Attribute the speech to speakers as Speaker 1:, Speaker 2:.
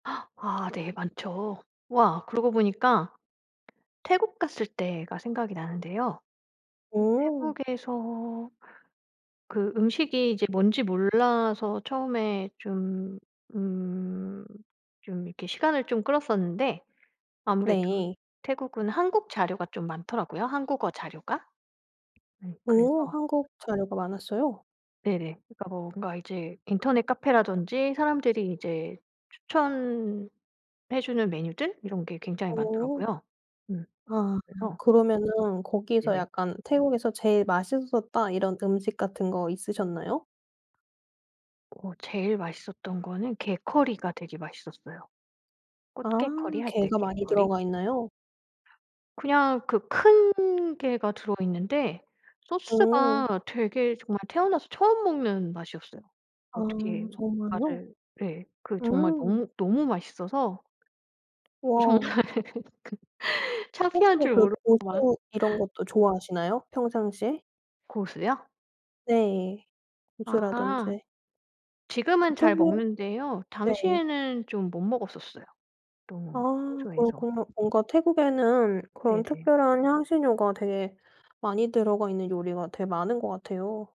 Speaker 1: 아 네 많죠. 와 그러고 보니까 태국 갔을 때가 생각이 나는데요. 그
Speaker 2: 어.
Speaker 1: 태국에서 그 음식이 이제 뭔지 몰라서 처음에 좀 음 좀 이렇게 시간을 좀 끌었었는데 아무래도
Speaker 2: 네.
Speaker 1: 태국은 한국 자료가 좀 많더라고요, 한국어 자료가. 네 그래서
Speaker 2: 어 한국 자료가 많았어요?
Speaker 1: 네네. 그러니까 뭐 그러니까 이제 인터넷 카페라든지 사람들이 이제 추천해 주는 메뉴들 이런 게 굉장히
Speaker 2: 어.
Speaker 1: 많더라고요. 음.
Speaker 2: 아
Speaker 1: 그래서
Speaker 2: 그러면은 거기서
Speaker 1: 네네.
Speaker 2: 약간 태국에서 제일 맛있었다 이런 음식 같은 거 있으셨나요?
Speaker 1: 어 제일 맛있었던 거는 게 커리가 되게 맛있었어요.
Speaker 2: 아
Speaker 1: 꽃게 커리 할 때
Speaker 2: 게가
Speaker 1: 게
Speaker 2: 많이
Speaker 1: 커리.
Speaker 2: 들어가 있나요?
Speaker 1: 그냥 그 큰 게가 들어있는데
Speaker 2: 오.
Speaker 1: 소스가 되게 정말 태어나서 처음 먹는 맛이었어요.
Speaker 2: 아
Speaker 1: 어떻게
Speaker 2: 정말요?
Speaker 1: 말을 네. 그 정말
Speaker 2: 음.
Speaker 1: 너무, 너무 맛있어서 어 정말
Speaker 2: 와.
Speaker 1: 그
Speaker 2: 혹시
Speaker 1: 창피한 줄
Speaker 2: 그
Speaker 1: 모르고 막
Speaker 2: 고수 이런 것도 좋아하시나요, 평상시에?
Speaker 1: 고수요?
Speaker 2: 네.
Speaker 1: 아.
Speaker 2: 고수라든지. 그
Speaker 1: 지금은 잘
Speaker 2: 특유의
Speaker 1: 먹는데요.
Speaker 2: 네.
Speaker 1: 당시에는 좀 못 먹었었어요 너무
Speaker 2: 아
Speaker 1: 생소해서.
Speaker 2: 그렇군요. 뭔가 태국에는 그런
Speaker 1: 네네.
Speaker 2: 특별한 향신료가 되게 많이 들어가 있는 요리가 되게 많은 것 같아요.